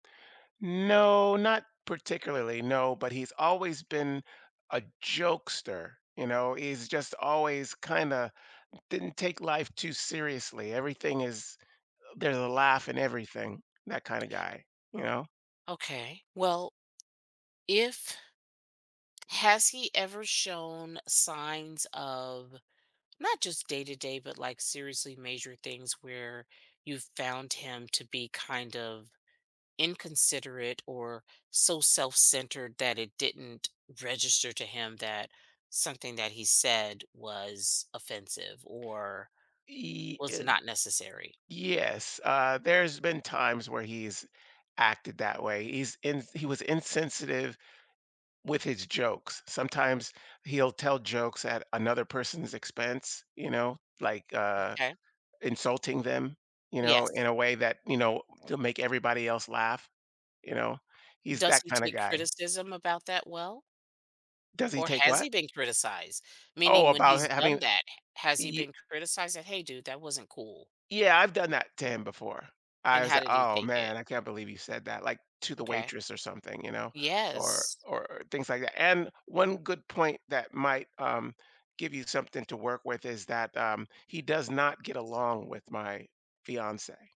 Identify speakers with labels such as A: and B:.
A: No, not particularly, no, but he's always been a jokester, you know. He's just always, kinda didn't take life too seriously. Everything is uh, there's a laugh in everything. That kinda guy, you know?
B: Okay. Well, if has he ever shown signs of, not just day to day, but, like, seriously major things where you found him to be kind of inconsiderate or so self-centered that it didn't register to him that something that he said was offensive or
A: Ye
B: was
A: uh,
B: not necessary?
A: yes, uh, there's been times where he's acted that way. He's in th he was insensitive with his jokes. Sometimes he'll tell jokes at another person's expense, you know, like, uh,
B: Okay.
A: insulting them, you know, in
B: Yes.
A: a way that, you know to make everybody else laugh, you know, he's
B: Does
A: that
B: he
A: kinda
B: take
A: guy.
B: criticism about that well?
A: Does he
B: Or
A: take
B: has
A: what?
B: he been criticized?
A: Oh,
B: Meaning when
A: about
B: he's
A: h having
B: done that, h has he
A: Yea
B: been criticized like, "Hey dude, that wasn't cool."
A: Yeah, I've done that to him before. I
B: And
A: was
B: how
A: a
B: did he
A: "Oh,
B: take it?
A: man, I can't believe you said that." like, to the
B: M'kay.
A: waitress or something, you know, or
B: Yes.
A: or or things like that. And one good point that might, um, give you something to work with is that, um, he does not get along with my fiancé.